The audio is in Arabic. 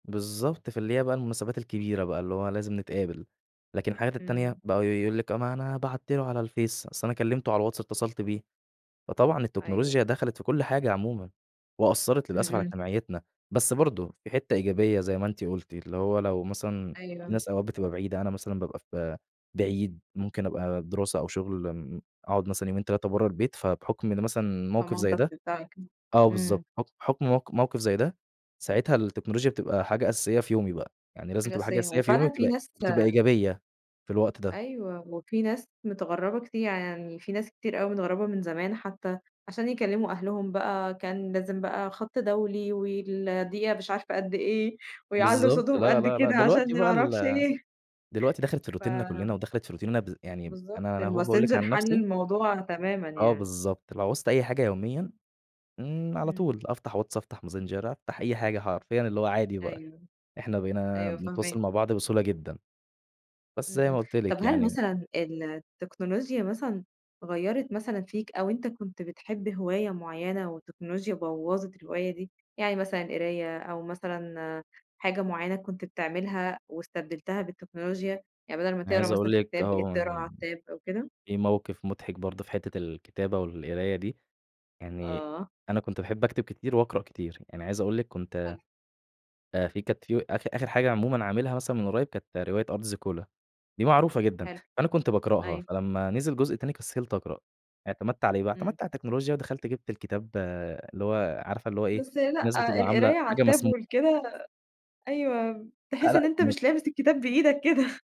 بالضبط. فاللي هي بقى المناسبات الكبيرة بقى، اللي هو لازم نتقابل. لكن الحاجات إمم. التانية، بقوا يقول لِك: "أ ما أنا بعت له على الفيس، أصل أنا كلّمته على الواتس اتّصلت بيه." فطبعًا أيوه. التكنولوجيا دخَلِت في كل حاجة عمومًا وأثّرت إمم، للأسف على إمم. اجتماعيتنا، بس برضه في حتّة إيجابية زي ما أنتِ قُلتِ، اللي هو لو مثلًا في أيوه. ناس أوقات بتبقى بعيدة، أنا مثلًا بابقى في بعيد، ممكن أبقى دِراسة أو شُغل م أقعُد مثلًا يومين 3 برّه البيت، فبحُكم إن مثلًا موقِف زي ده فمامتك. [unintelligible] آه إمم. بالضبط. حُكم حُكم موق موقِف زي ده، ساعتها التكنولوجيا بتبقى حاجة أساسية في يومي بقى. يعني لازم حاجة تبقى حاجة أساسية. أساسية في يومي وفعلًا في وتبقى ناس بتبقى إيجابية في الوقت ده. أيوه وفي ناس متغرّبة كتير، يعني في ناس كتير أوي متغرّبة من زمان حتّى عشان يكلّموا أهلهم بقى، كان لازم بقى خَط دولي والدقيقة مش عارفة قد إيه ويعلّوا بالضبط، صوتهم لا، قد لا، لا. كده دلوقتي عشان ما بقى أعرفش ال إيه. دلوقتي دخَلِت في روتيننا ف كُلّنا ودخَلِت في روتيننا بذ يعني بالضبط، أنا أنا أهو باقول لِك الماسنجر عن حَل نَفْسي الموضوع تمامًا آه يعني. بالضبط، لو عوزت أي حاجة يوميًا، امم على إمم. طُول أفتح واتس، أفتح ماسنجر، أفتح أي حاجة حرفيًا اللي هو عادي بقى، أيوه. إحنا بقينا أيوه بنتواصل فاهماك. مع بعض بسهولة جدًا. بس إمم، زي ما إمم. قُلت طَب لِك هل يعني مثلًا التكنولوجيا مثلًا غيّرت مثلًا فيك أو أنت كنت بتحب هواية معيّنة والتكنولوجيا بوّظت الهواية دي؟ يعني مثلًا قراية أو مثلًا حاجة معيّنة كنت بتعملها واستبدلتها بالتكنولوجيا؟ يعني بَدَل ما أنا تقرا عايز أقول مثلًا في لِك كتاب بقيت بتقراها اهم على التاب أو كده؟ في موقِف مُضحك برضه في حتّة الكتابة والقراية دي، يعني آه. أنا كنت باحب أكتب كتير واقرأ كتير. يعني عايز أقول لِك كنت حلو. آآ في كانت في آخِر آخِر حاجة عمومًا عاملها مثلًا من قريّب، كانت رواية أرض زيكولا. دي معروفة جدًا، حلو. فأنا كنت باقرأها، أيوه. فلمّا نزِل جزء تاني، كسِّلت أقرأ. اعتمدت على إيه بقى، إمم. اعتمدت على التكنولوجيا ودخَلْت جِبت الكتاب اللي هو عارفة اللي هو إيه، بس الناس لأ، بتبقى عاملة القراية على حاجة التاب مسمو ولكده أيوه، لأ، تحِس لأ إن أنت كُنّا ب مش لامِس الكتاب بإيدك كده.